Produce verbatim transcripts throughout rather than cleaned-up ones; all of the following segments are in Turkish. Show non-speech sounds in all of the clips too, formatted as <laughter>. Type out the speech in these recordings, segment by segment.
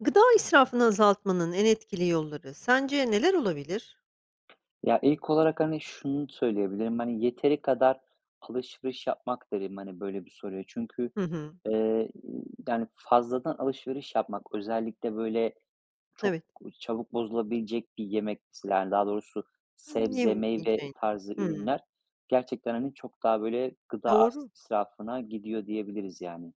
Gıda israfını azaltmanın en etkili yolları sence neler olabilir? Ya, ilk olarak, hani, şunu söyleyebilirim. Hani, "Yeteri kadar alışveriş yapmak." derim, hani, böyle bir soruya. Çünkü, Hı hı. eee, ı yani, fazladan alışveriş yapmak özellikle, böyle, çok Evet. çabuk bozulabilecek bir yemek, mesela, yani, daha doğrusu sebze, meyve <unintelligible> tarzı Hıı. ürünler gerçekten, hani, çok daha, böyle, gıda as Doğru. israfına gidiyor diyebiliriz, yani.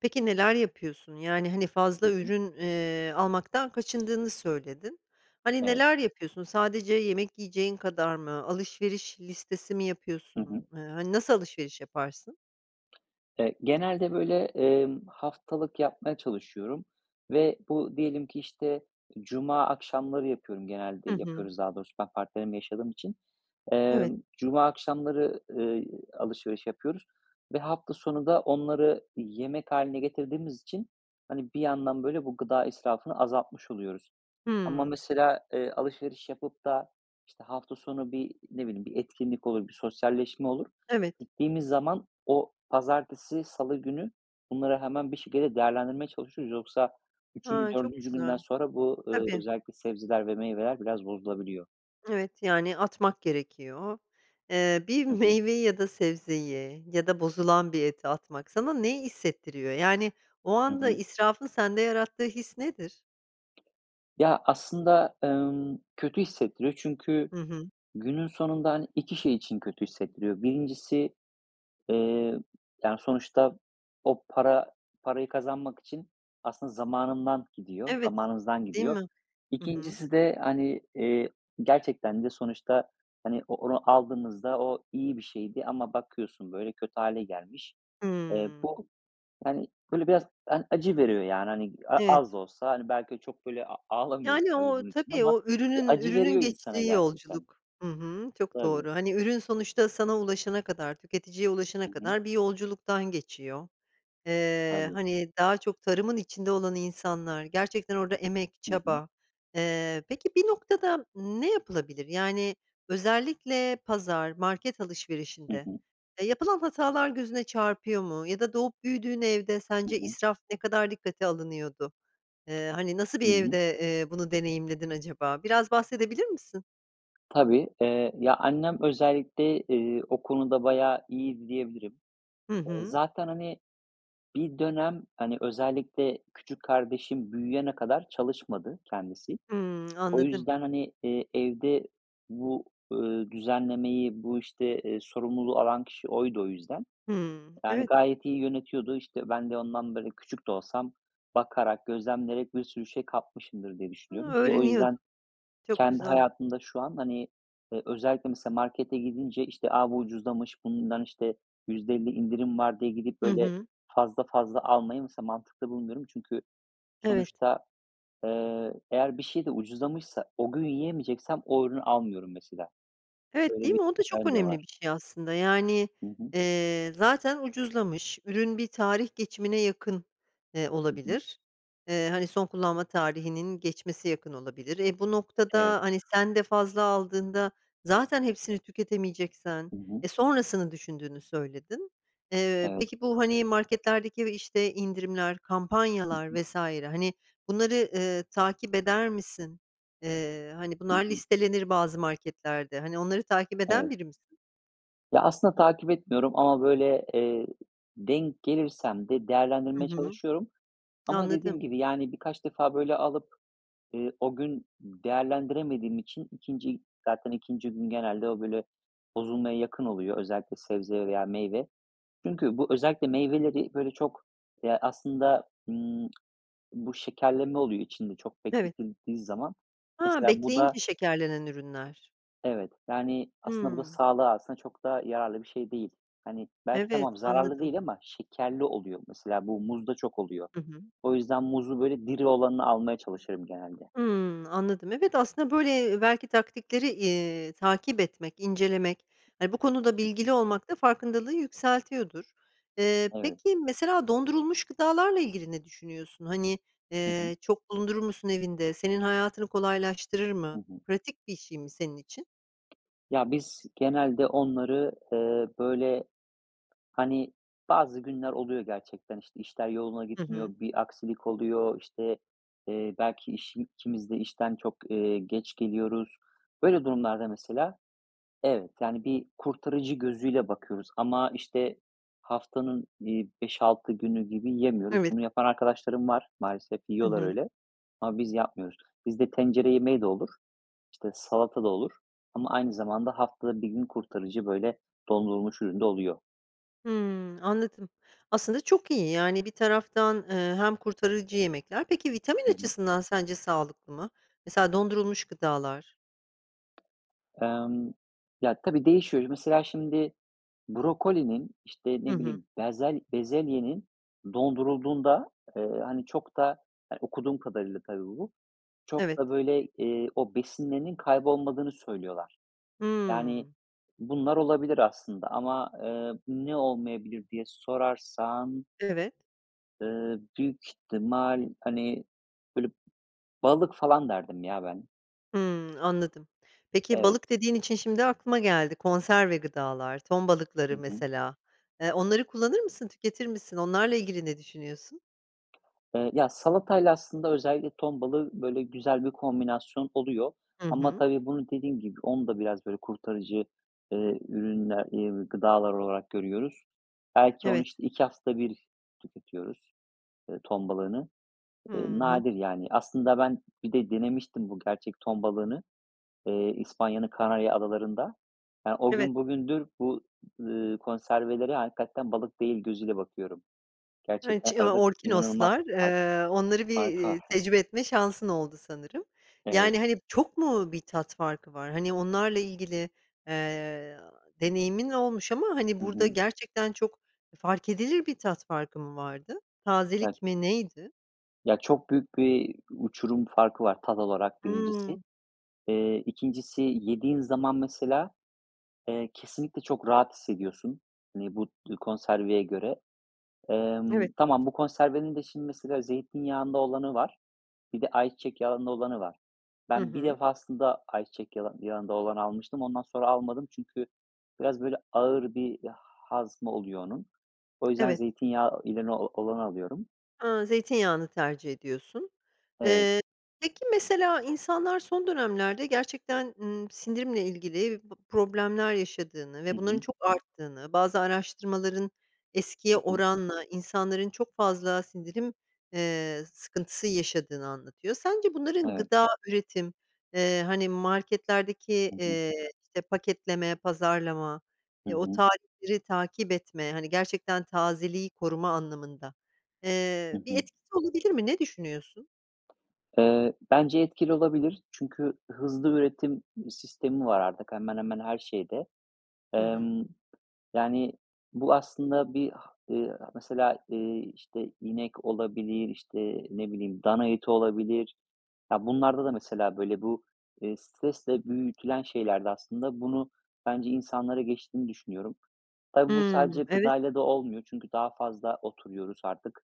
Peki, neler yapıyorsun? Yani, hani, Hı fazla hı. ürün, eee, almaktan kaçındığını söyledin. Hani, Evet. neler yapıyorsun? Sadece yemek yiyeceğin kadar mı? Alışveriş listesi mi Hı yapıyorsun? hı. Iıı, hani, nasıl alışveriş yaparsın? Eee, genelde, böyle, emm, haftalık yapmaya çalışıyorum ve bu diyelim ki, işte, cuma akşamları yapıyorum genelde Hı hı. yapıyoruz daha doğrusu, ben partnerimle yaşadığım için. Evet. Emm, cuma akşamları, ııı, alışveriş yapıyoruz ve hafta sonu da onları yemek hâline getirdiğimiz için, hani, bir yandan, böyle, bu gıda israfını azaltmış oluyoruz ama, Hıı. mesela, eee, alışveriş yapıp da, işte, hafta sonu bir, ne bileyim, bir etkinlik olur, bir sosyalleşme olur. Evet. Gittiğimiz zaman o pazartesi, salı günü bunları hemen bir şekilde değerlendirmeye çalışıyoruz. Yoksa üçüncü, A. Çok dördüncü günden güzel. sonra bu, ııı, Tabii özellikle sebzeler ve meyveler biraz bozulabiliyor. Evet, yani atmak gerekiyor. Eee, bir Hı hı. meyveyi ya da sebzeyi ya da bozulan bir eti atmak sana neyi hissettiriyor? Yani, o Hı anda hı. israfın sende yarattığı his nedir? Ya, aslında, ımm, kötü hissettiriyor çünkü Hı hı. günün sonunda, hani, iki şey için kötü hissettiriyor. birincisi eee, yani, sonuçta o para parayı kazanmak için aslında zamanından gidiyor Evet, zamanımızdan değil gidiyor. mi? Hı hı. ikincisi de, hani, eee, gerçekten de sonuçta, hani, o onu aldığınızda o iyi bir şeydi ama bakıyorsun, böyle, kötü hâle gelmiş. Eee, Hımm. bu, hani, böyle biraz, yani, acı veriyor, yani, hani, a Evet. az da olsa belki ö çok, böyle, a ağlamıyorum Yani, tabii o, bunun için tabii ama o bir ürünün acı ürünün veriyor insana geçtiği gerçekten. yolculuk. Hı hı, çok doğru. Tabii. Hani, ürün sonuçta sana ulaşana kadar, tüketiciye ulaşana Hı hı. kadar bir yolculuktan geçiyor. Eee, Tabii. hani, daha çok tarımın içinde olan insanlar, gerçekten orada emek, Hı hı. çaba. Eee, peki, bir noktada ne yapılabilir? Yani, özellikle pazar, market Hı alışverişinde hı. ya, yapılan hatalar gözüne çarpıyor mu ya da doğup büyüdüğün evde Hı sence hı. israf ne kadar dikkate alınıyordu? Eee, hani, nasıl Hı bir hı. evde, eee, bunu deneyimledin acaba? Biraz bahsedebilir misin? Tabii. Eee, ya, annem özellikle, ııı, o konuda bayağı iyiydi diyebilirim. Hı Iıı, hı. zaten, hani, bir dönem, hani, özellikle küçük kardeşim büyüyene kadar çalışmadı kendisi. Hımm. O Anladım. yüzden, hani, eee, evde bu, ııı, düzenlemeyi, bu işte, ııı, sorumluluğu alan kişi oydu o yüzden. Hımm. Yani, Evet. gayet iyi yönetiyordu. İşte ben de ondan, böyle, küçük de olsam bakarak, gözlemleyerek bir sürü şey kapmışımdır diye Hıı, düşünüyorum ki o öğreniyordun. yüzden Çok kendi güzel. hayatımda şu an, hani, eee, özellikle mesela markete gidince işte, "A, bu ucuzlamış, bundan işte yüzde elli indirim var." diye gidip, Hı böyle, hı. fazla fazla almayı mesela mantıklı bulmuyorum. Çünkü Evet. sonuçta, eee, eğer bir şey de ucuzlamışsa, o gün yiyemeyeceksem o ürünü almıyorum mesela. Evet, Böyle değil bir mi? O da çok <unintelligible> de önemli var. bir şey aslında. Yani, Hı hı. eee, zaten ucuzlamış. Ürün bir tarih geçimine yakın, eee, Hı hı. olabilir. Eee, hani son kullanma tarihinin geçmesi yakın olabilir. E, bu Evet. noktada hani sen de fazla aldığında zaten hepsini tüketemeyeceksen Hı hı. e, sonrasını düşündüğünü söyledin. Eee, Evet. peki, bu, hani, marketlerdeki ve işte indirimler, Hı kampanyalar hı. vs. hani, bunları, ııı, takip eder misin? Eee, hani, Hı bunlar hı. listelenir bazı marketlerde. Hani, onları takip eden Evet. biri misin? Ya, aslında takip etmiyorum. Ama böyle, eee, denk gelirsem de Hı değerlendirmeye hı. çalışıyorum. Ama dediğim Anladım. gibi, yani, birkaç defa böyle alıp, eee, o gün değerlendiremediğim için ikinci, zaten ikinci gün genelde o, böyle, bozulmaya yakın oluyor. Özellikle sebze veya meyve. Çünkü bu özellikle meyveleri böyle çok, ya, aslında, ımm, bu şekerleme oluyor içinde çok Evet. bekletildiği zaman. Ha, Mesela bu da bekleyince şekerlenen ürünler. Evet. Yani, aslında bu da Hımm. sağlığa aslında çok da yararlı bir şey değil. Hani, belki Evet, tamam, zararlı anladım. değil ama şekerli oluyor. Mesela bu muzda çok oluyor. Hı hı. O yüzden muzu böyle diri olanını almaya çalışırım genelde. Hımm, anladım. Evet, aslında, böyle, eee, belki taktikleri, iii, takip etmek, incelemek, hani, bu konuda Hı hı. bilgili olmak da farkındalığı yükseltiyordur. Eee, Evet. peki, mesela dondurulmuş gıdalarla ilgili ne düşünüyorsun? Hani, Hı hı. eee, çok bulundurur musun evinde? Senin hayatını kolaylaştırır Hı mı? hı. Pratik bir şey mi senin için? Ya, biz genelde onları, eee, böyle, hani, bazı günler oluyor gerçekten. İşte, işler yoluna Hı hı. gitmiyor. Bir aksilik oluyor, işte, eee, belki işin ikimiz de işten, eee, çok geç geliyoruz. Böyle durumlarda mesela evet, yani, bir kurtarıcı gözüyle bakıyoruz Ama, işte, haftanın, iii, beş altı günü gibi yiyemiyoruz. Evet. Bunu yapan arkadaşlarım var, maalesef Hı yiyorlar hı. öyle ama biz yapmıyoruz. Bizde tencere yemeği de olur. İşte, salata da olur ama aynı zamanda haftada bir gün kurtarıcı böyle dondurulmuş ürün de oluyor. Hımm, anladım. Aslında çok iyi, yani, bir taraftan, eee, hem kurtarıcı yemekler Peki, vitamin Hı hı. açısından sence sağlıklı mı? Mesela dondurulmuş gıdalar. Emm, ya, tabii değişiyor. Mesela, şimdi, brokolinin, işte, Hı ne hı. bileyim bezel bezelyenin dondurulduğunda, eee, hani, çok da, eee, okuduğum kadarıyla tabii bu, çok Evet. da, böyle, eee, o besinlerinin kaybolmadığını söylüyorlar. Yani, Hımm. bunlar olabilir aslında ama, eee, ne olmayabilir diye sorarsan Evet. eee, büyük ihtimal, hani, böyle, balık falan derdim ya ben. Hımm, anladım. Peki, balık Evet. dediğin için şimdi aklıma geldi; konserve gıdalar, ton balıkları Hı hı. mesela, eee, onları kullanır mısın, tüketir misin, onlarla ilgili ne düşünüyorsun? Eee, ya, salatayla aslında özellikle ton balığı, böyle, güzel bir kombinasyon oluyor. Hı Ama hı. tabii bunu dediğim gibi, onu da biraz, böyle, kurtarıcı, eee, ürünler eee, gıdalar olarak görüyoruz. Belki onu, Evet. işte, iki haftada bir tüketiyoruz, eee, ton balığını. Hı Eee, hı. nadir yani. Aslında ben bir de denemiştim bu gerçek ton balığını, eee, İspanya'nın Kanarya Adaları'nda. Ya, o Evet. gün bugündür, bu, ııı, konservelere hakikaten balık değil gözüyle bakıyorum. Evet, ç Gerçekten ya, arada inanılmaz orkinoslar, bir fark eee, onları bir, fark eee, var. <chuckles> tecrübe etme şansın oldu sanırım. Evet. Yani, hani, çok mu bir tat farkı var? Hani, onlarla ilgili, eee, deneyimin olmuş ama, hani, Hı burada hı. gerçekten çok, e, fark edilir bir tat farkı mı vardı? <unintelligible> Tazelik mi, neydi? Ya, çok büyük bir uçurum farkı var tat olarak birincisi, Hımm. eee, ikincisi, yediğin zaman mesela, eee, kesinlikle çok rahat hissediyorsun, hani, bu dü konserveye göre, emm Evet. Tamam, bu konservenin de, şimdi, mesela zeytinyağında olanı var, bir de ayçiçek yağında olanı var. Hı Ben bir hı. defasında ayçiçek yala yağında olanı almıştım, ondan sonra almadım çünkü biraz, böyle, ağır bir hazmı oluyor onun. O yüzden Evet. zeytinyağı ileni olanı alıyorum. A, zeytinyağını tercih ediyorsun. Evet. Eee, peki mesela, insanlar son dönemlerde gerçekten, ııı, sindirimle ilgili bı problemler yaşadığını ve Hı bunların hı. çok arttığını, bazı araştırmaların eskiye Hı hı. oranla insanların çok fazla sindirim, eee, sıkıntısı yaşadığını anlatıyor. Sence bunların Evet. gıda üretim, eee, hani, marketlerdeki, Hı hı. eee, işte, paketleme, pazarlama, Hı eee, o hı. tarihleri takip etme, hani, gerçekten tazeliği koruma anlamında, Hı eee, bir hı. etkisi olabilir mi? Ne düşünüyorsun? Eee, bence etkili olabilir. Çünkü hızlı üretim sistemi var artık hemen hemen her şeyde. Hı hı. Emm, yani, bu aslında bir ha eee, a mesela, eee, işte, inek olabilir, işte, ne bileyim dana eti olabilir. Ya, bunlarda da mesela, böyle, bu, eee, stresle büyütülen şeylerde aslında, bunu bence insanlara geçtiğini düşünüyorum. Tabii bu Hımm, sadece evet. gıdayla da olmuyor çünkü daha fazla oturuyoruz artık,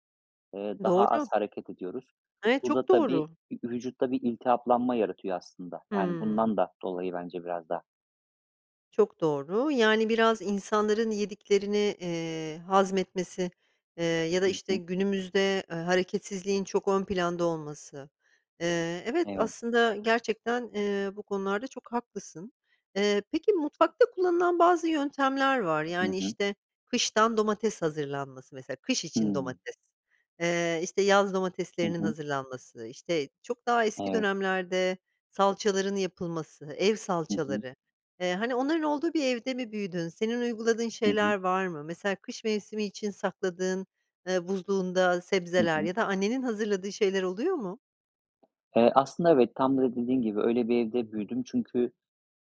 eee, daha Doğru. az hareket ediyoruz. Evet, Bu çok da tabii doğru. ü vücutta bir iltihaplanma yaratıyor aslında. Yani, Hımm. bundan da dolayı bence biraz da. Çok doğru. Yani, biraz insanların yediklerini, eee, hazmetmesi, eee, ya da, Hı işte, hı. günümüzde, eee, hareketsizliğin çok ön planda olması. Eee, evet, Evet. aslında gerçekten, eee, bu konularda çok haklısın. Eee, peki mutfakta kullanılan bazı yöntemler var, Hı yani, hı. işte, kıştan domates hazırlanması mesela, kış için Hımm. domates. Eee, işte, yaz Hı domateslerinin hı. hazırlanması, işte, çok daha eski Evet. dönemlerde salçaların yapılması, ev Hı hı. salçaları. Eee, hani, onların olduğu bir evde mi büyüdün? Senin uyguladığın Hı hı. şeyler var mı? Mesela kış mevsimi için sakladığın, eee, buzluğunda Hı sebzeler hı. ya da annenin hazırladığı şeyler oluyor mu? Eee, aslında evet. Tam da dediğin gibi, öyle bir evde büyüdüm. Çünkü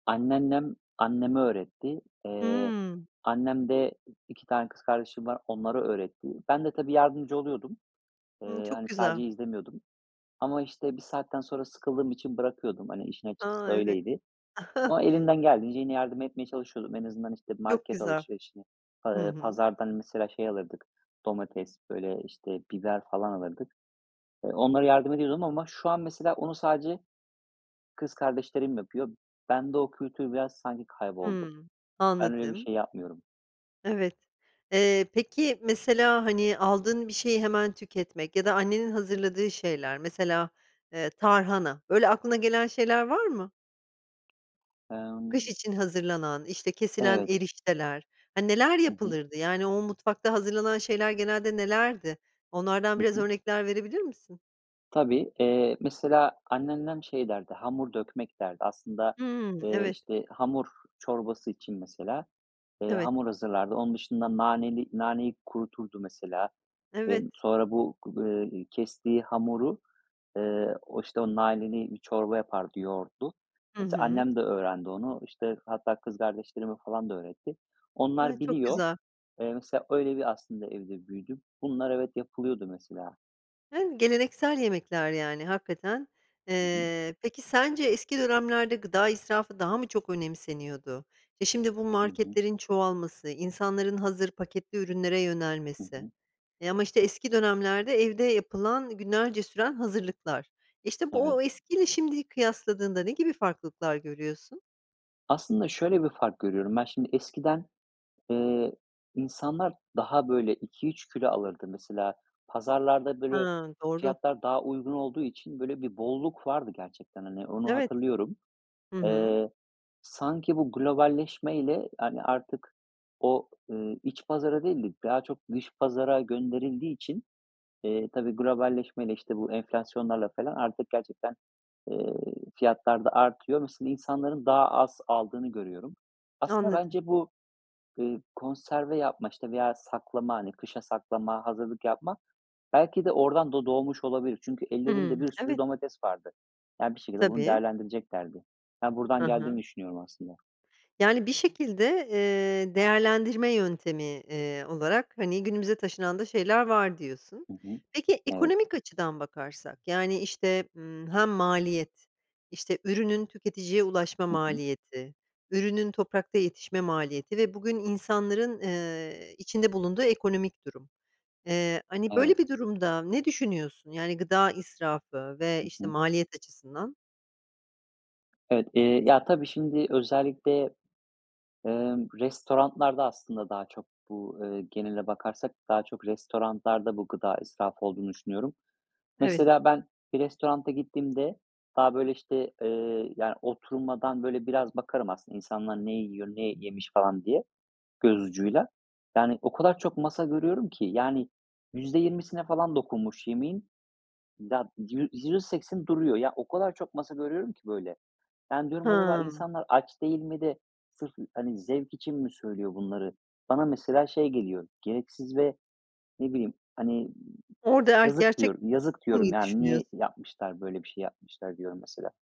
anneannem anneme öğretti. Eee, Hımm. annem de iki tane kız kardeşim var, onlara öğretti. Ben de tabii yardımcı oluyordum. Hımm, Eee, çok hani, güzel. sadece izlemiyordum ama, işte, bir saatten sonra sıkıldığım için bırakıyordum, hani, işin A, açıkçası evet. öyleydi. <chuckles> Ama elimden geldiğince yine yardım etmeye çalışıyordum. En azından, işte, bir Çok market güzel. alışverişini, Hı pa eee, hı. pazardan mesela şey alırdık, domates, böyle, işte, biber falan alırdık. Eee, onlara yardım ediyordum ama şu an mesela onu sadece kız kardeşlerim yapıyor. Bende o kültür biraz sanki kayboldu. Hımm, Ben öyle bir anladım. şey yapmıyorum. Evet. Eee, peki, mesela, hani, aldığın bir şeyi hemen tüketmek ya da annenin hazırladığı şeyler, mesela, eee, tarhana. Böyle aklına gelen şeyler var mı? Kış Emm için hazırlanan, işte, kesilen Evet. erişteler, hani, neler Hı hı. yapılırdı? Yani, o mutfakta hazırlanan şeyler genelde nelerdi? Onlardan Hı biraz hı. örnekler verebilir misin? Tabii, eee, mesela anneannem şey derdi, "hamur dökmek" derdi. Aslında, Hımm, eee, evet. işte, hamur çorbası için mesela, eee, Evet. hamur hazırlardı. Onun dışında naneli naneyi kuruturdu mesela. Eee, Evet. sonra bu gu eee, kestiği hamuru, eee, o, işte, o naneli bir çorba yapardı yoğurtlu. Hı Mesela hı. annem de öğrendi onu. İşte, hatta kız kardeşlerime falan da öğretti. Ay, Onlar çok biliyor. güzel. Eee, mesela öyle bir aslında evde büyüdüm. Bunlar evet, yapılıyordu mesela. Hımm, geleneksel yemekler, yani, hakikaten. Hı hı. Eee, peki sence eski dönemlerde gıda israfı daha mı çok önemseniyordu? E, şimdi, bu Hı hı. marketlerin çoğalması, insanların hazır paketli ürünlere Hı yönelmesi. hı. E, ama, işte, eski dönemlerde evde yapılan, günlerce süren hazırlıklar. İşte, bu Evet. o eskiyle şimdiyi kıyasladığında ne gibi farklılıklar görüyorsun? Aslında şöyle bir fark görüyorum ben. Şimdi, eskiden, ııı, insanlar daha, böyle, iki üç kilo alırdı. Mesela, pazarlarda, böyle, Hıı, doğru. fiyatlar daha uygun olduğu için, böyle, bir bolluk vardı gerçekten, hani, onu Evet. hatırlıyorum. Hı hı. Eee, sanki bu globalleşmeyle, yani, artık o, eee, iç pazara değil de daha çok dış pazara gönderildiği için, eee, tabii globalleşmeyle, işte, bu enflasyonlarla felan artık gerçekten, ııı, fiyatlar da artıyor. Mesela, insanların daha az aldığını görüyorum. Aslında Anladım. bence bu, ııı, konserve yapma, işte, veya saklama, hani, kışa saklama, hazırlık yapma belki de oradan da doğmuş olabilir. Çünkü ellerinde Hımm, bir sürü evet. domates vardı. Yani, bir şekilde bunu Tabii. değerlendireceklerdi. Ben Hı buradan hı. geldiğini düşünüyorum aslında. Yani bir şekilde, eee, değerlendirme yöntemi, eee, olarak, hani, günümüze taşınan da şeyler var diyorsun. Hı hı. Peki, Evet. ekonomik açıdan bakarsak, yani, işte, ımm, hem maliyet, işte, ürünün tüketiciye ulaşma Hı hı. maliyeti, ürünün toprakta yetişme maliyeti ve bugün insanların, eee, içinde bulunduğu ekonomik durum. Eee, hani, Evet. böyle bir durumda ne düşünüyorsun? Yani, gıda israfı ve, Hı işte, hı. maliyet açısından? Evet, iii, ya tabii şimdi özellikle, ımm, restorantlarda aslında daha çok bu, ııı, genele bakarsak daha çok restorantlarda bu gıda israfı olduğunu düşünüyorum. Evet. Mesela, ben bir restoranta gittiğimde daha, böyle, işte, ııı, yani, oturmadan, böyle, biraz bakarım aslında insanlar ne yiyor, ne yemiş falan diye göz ucuyla. Yani, o kadar çok masa görüyorum ki, yani, yüzde yirmisine falan dokunmuş yemeğin, da yü yüzde sekseni duruyor. Ya, o kadar çok masa görüyorum ki böyle. Yani, diyorum: "Acaba Hımm. insanlar aç değil mi de sırf, hani, zevk için mi söylüyor bunları?" Bana mesela şey geliyor. Gereksiz ve ne bileyim, hani, Orada eğer ki yazık, gerçek diyorum. "Yazık." diyorum, <unintelligible> yani. düşünüyorsun? "Niye yapmışlar? Böyle bir şey yapmışlar." diyorum mesela.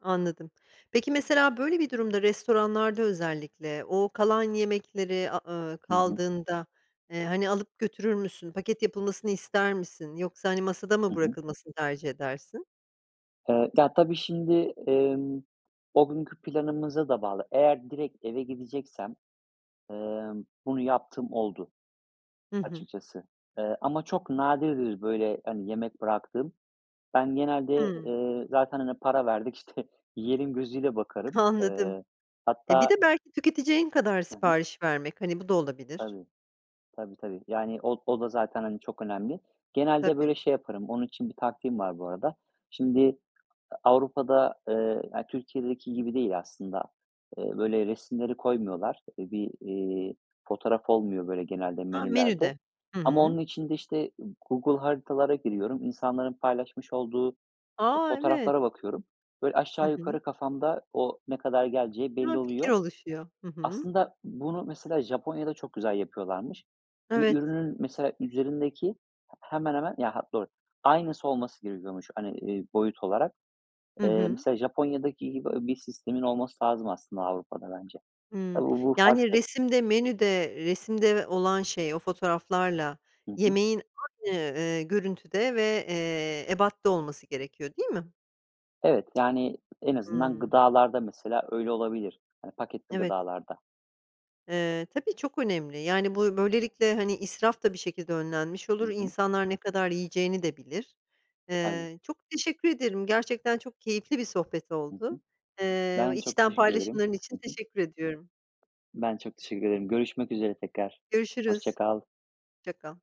Anladım. Peki, mesela, böyle bir durumda restoranlarda özellikle o kalan yemekleri, a ııı, Hı hı. kaldığında, ııı, hani, alıp götürür müsün, paket yapılmasını ister misin yoksa, hani, masada mı Hı hı. bırakılmasını tercih edersin? Iıı, ta tabii şimdi, ımm, o günkü planımıza da bağlı. Eğer direkt eve gideceksem, ımm, bunu yaptığım oldu Hı hı. açıkçası. Iıı, ama çok nadirdir, böyle, hani, yemek bıraktığım. Ben genelde, Hımm. ııı, "Zaten, hani, para verdik. İşte, yiyelim." gözüyle bakarım. Anladım. Iıı, E, bir hatta de belki tüketeceğin kadar Hı hı. sipariş vermek, hani, bu da olabilir. Tabii, tabii, tabii. Yani, o o da zaten, hani, çok önemli. Genelde, Tabii. böyle, şey yaparım, onun için bir taktiğim var bu arada. Şimdi A Avrupa'da, ııı, ya, Türkiye'deki gibi değil aslında. Iıı, böyle, resimleri koymuyorlar. İii, bir, iii, fotoğraf olmuyor, böyle, genelde Ha, menülerde menüde. Hı ama onun hı. için de, işte, Google Haritalar'a giriyorum. İnsanların paylaşmış olduğu e A! Evet. fotoğraflara bakıyorum. Böyle, Hı aşağı hı. yukarı kafamda o ne kadar geleceği Ha, belli fikir oluyor. oluşuyor. Hı hı. Aslında bunu, mesela, Japonya'da çok güzel yapıyorlarmış. Bir Evet. ürünün, mesela, üzerindeki, h hemen hemen, ya hat doğru, aynısı olması gerekiyormuş, hani, iii, boyut olarak. Hı Iıı, hı. mesela, Japonya'daki gibi ö bir sistemin olması lazım aslında Avrupa'da bence. Hımm. Tabii bu bu Yani, farklı. resimde, menüde, resimde ve olan şey, o fotoğraflarla Hı hı. yemeğin aynı, ııı, görüntüde ve, eee, ebatta olması gerekiyor, değil mi? Evet. Yani en azından Hımm. gıdalarda mesela, öyle olabilir. Hani paketli Evet. gıdalarda. Eee, tabii çok önemli, yani, buy böylelikle, hani, israf da bir şekilde önlenmiş Hı olur, hı. insanlar ne kadar yiyeceğini de bilir. Tabii. Eee, çok teşekkür ederim, gerçekten çok keyifli bir sohbet Hı oldu. hı. Iıı, Ben çok içten teşekkür ederim. paylaşımların için Hı hı. teşekkür ediyorum. Ben çok teşekkür ederim. Görüşmek üzere tekrar. Hoşça Görüşürüz, kal. hoşça kal.